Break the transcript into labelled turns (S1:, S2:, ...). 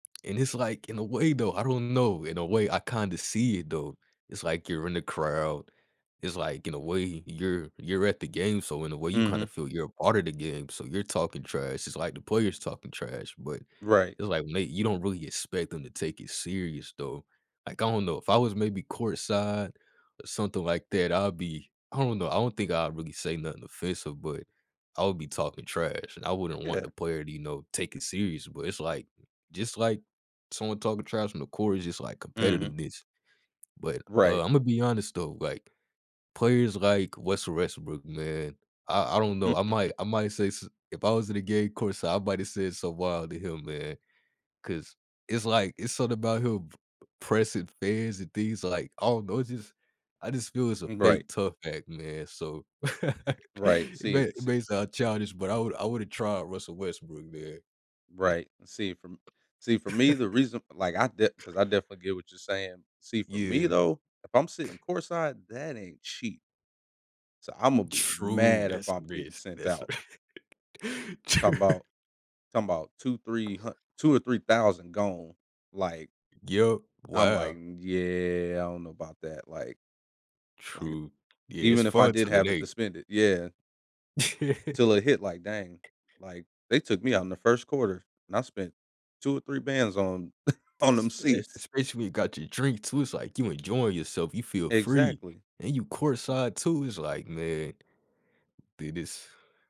S1: And it's, like in a way, though I don't know, in a way I kinda see it, though. It's, like, you're in the crowd, it's, like, in a way you're you're at the game, so in a way you kind of
S2: Mhm
S1: feel you're a part of the game, so you're talking trash. It's, like, the players talking trash, but,
S2: Right.
S1: it's, like, "Mate, you don't really expect them to take it serious, though." Like, I don't know, if I was maybe courtside or something like that, I'll be I don't know, I don't think I'd really say nothing offensive, but I would be talking trash, and I wouldn't want the
S2: Yeah
S1: player to, you know, take it seriously, but it's, like, just, like, someone talking trash on the court is just, like,
S2: Mhm
S1: competitiveness. But, uh,
S2: Right.
S1: I'm gonna be honest though, like, players like Russell Westbrook, man, I I don't know, I might, I might say s if I was in a game courtside, I might have said something wild to him, man, 'cause it's, like, it's something about him p pressing fans and things, like, I don't know, it's just I just feel it's a
S2: M right.
S1: fake tough act, man, so.
S2: Right,
S1: It
S2: see,
S1: may it
S2: se
S1: may sound childish, but I would I would've tried Russell Westbrook there.
S2: Right, see, for m see, for me, the reason like I de 'cause I definitely get what you're saying. See, for me
S1: Yeah.
S2: though, if I'm
S1: C
S2: sitting courtside, that ain't cheap. So I'm gonna be
S1: True,
S2: mad if
S1: that's a
S2: I'm getting
S1: risk,
S2: sent
S1: that's a
S2: out.
S1: Tr
S2: Talking about talking about 2, 3 hun $2,000 or $3,000 gone, like
S1: Yup,
S2: I'm, like,
S1: wow.
S2: "Yeah, I don't know about that," like like,
S1: True. Yeah, it's
S2: even if I
S1: fun
S2: did
S1: till it
S2: have it to
S1: ain't.
S2: spent it yeah. Till it hit, like, "Dang," like, they took me out in the 1st quarter, and I spent 2 or 3 bands on on them
S1: Sp
S2: seats.
S1: especially when you got your drink too, it's, like, you enjoying yourself, you feel free,
S2: Exactly.
S1: and you courtside too, it's, like, "Man" did this.